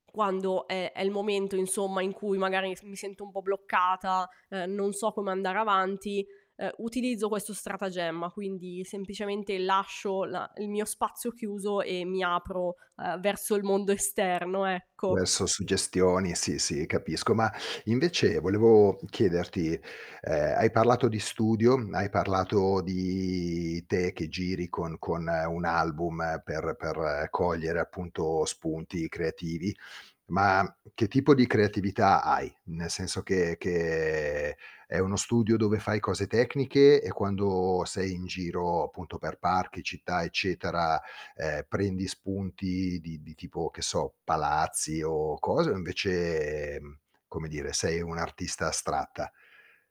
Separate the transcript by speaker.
Speaker 1: Quando è è il momento, insomma, in cui magari mi s mi sento un po' bloccata, uhm, non so come andare avanti, uhm, utilizzo questo stratagemma. Quindi, semplicemente lascio la il mio spazio chiuso, e mi apro, uhm, verso il mondo esterno, ecco.
Speaker 2: Adesso suggestioni. Sì, sì capisco. Ma invece, volevo, mhmm, chiederti, uhm, hai parlato di studio, mhmm, hai parlato di te che giri con con un album per per cogliere, appunto, spunti creativi, ma che tipo di creatività hai? Nel senso che che è uno studio dove fai cose tecniche, e quando sei in giro, appunto, per parchi, città eccetera, uhm, prendi spunti di di tipo che so, palazzi o cose o invece, mhmm, come dire, sei un'artista astratta?